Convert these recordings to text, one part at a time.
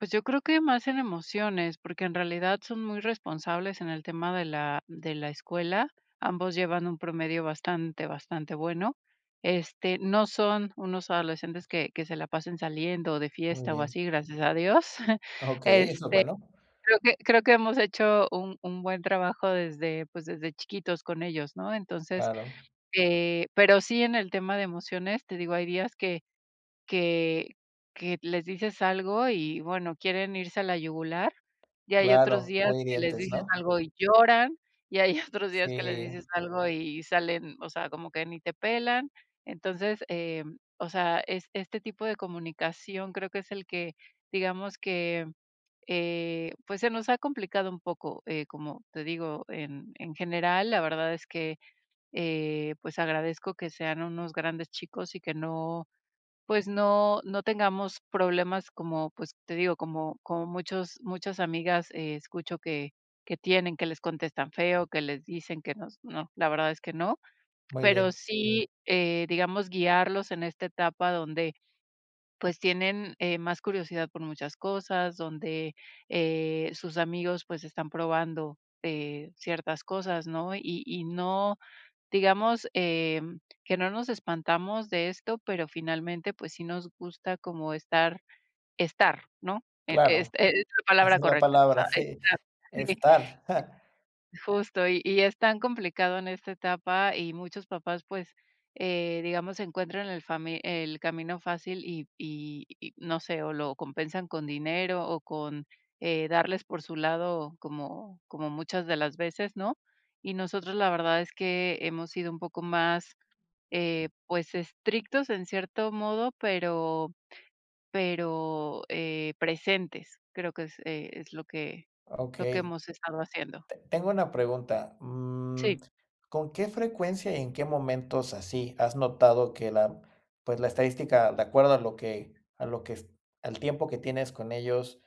Pues, yo creo que más en emociones, porque en realidad son muy responsables en el tema de la de la escuela. Ambos llevan un promedio bastante, bastante bueno. Este, no son unos adolescentes que que se la pasen saliendo, o de Muy fiesta, o bien. así, gracias a Dios. Ah, okey, eso es Este bueno. creo que creo que hemos hecho un un buen trabajo desde, pues, desde chiquitos con ellos, ¿no? Entonces, Claro. eh, pero sí en el tema de emociones, te digo, hay días que que que les dices algo y, bueno, quieren irse a la yugular, y hay otros Claro, días muy que les hirientes, dices ¿no? algo y lloran, y hay otros días que les Sí. dices algo y salen, o sea, como que ni te pelan. Entonces, eh, o sea, es este tipo de comunicación creo que es el que, digamos que, eh, pues, se nos ha complicado un poco. Eh, como te digo, en en general, la verdad es que, eh, pues, agradezco que sean unos grandes chicos y que no, pues, no no tengamos problemas como, pues, te digo, como como muchos muchas amigas e escucho que que tienen que les contestan feo, que les dicen que nos no, la verdad es que no. Muy Pero bien. sí, eh, digamos, guiarlos en esta etapa donde, pues, tienen, eh, más curiosidad por muchas cosas, donde, eh, sus amigos, pues están probando, eh, ciertas cosas, ¿no? Y y no, digamos, em, que no nos espantamos de esto, pero finalmente, pues, sí nos gusta como estar, estar, ¿no? Em, es Claro, es la esa palabra es la correcta, o palabra, sea, sí, esa, sí estar. Justo, y y es tan complicado en esta etapa y muchos papás, pues, eh, digamos, encuentran el fami el camino fácil, y y y no sé, o lo compensan con dinero, o, con, eh, darles por su lado como como muchas de las veces, ¿no? Y nosotros la verdad es que hemos sido un poco más, eh, pues estrictos en cierto modo, pero pero, eh, presentes. Creo que es, eh, es lo que Ah, lo que okey. hemos estado haciendo. Te tengo una pregunta. Mm, Sí. ¿con qué frecuencia, y en qué momentos así has notado que la, pues, la estadística, de acuerdo a lo que a lo que s al tiempo que tienes con ellos,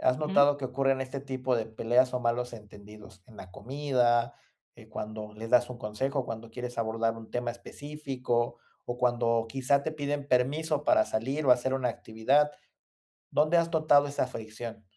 ¿has Ujú. notado que ocurren este tipo de peleas, o, malos entendidos? En la comida, eh, cuando les das un consejo, cuando quieres abordar un tema específico o cuando quizá te piden permiso para salir o hacer una actividad. ¿Dónde has notado esa fricción?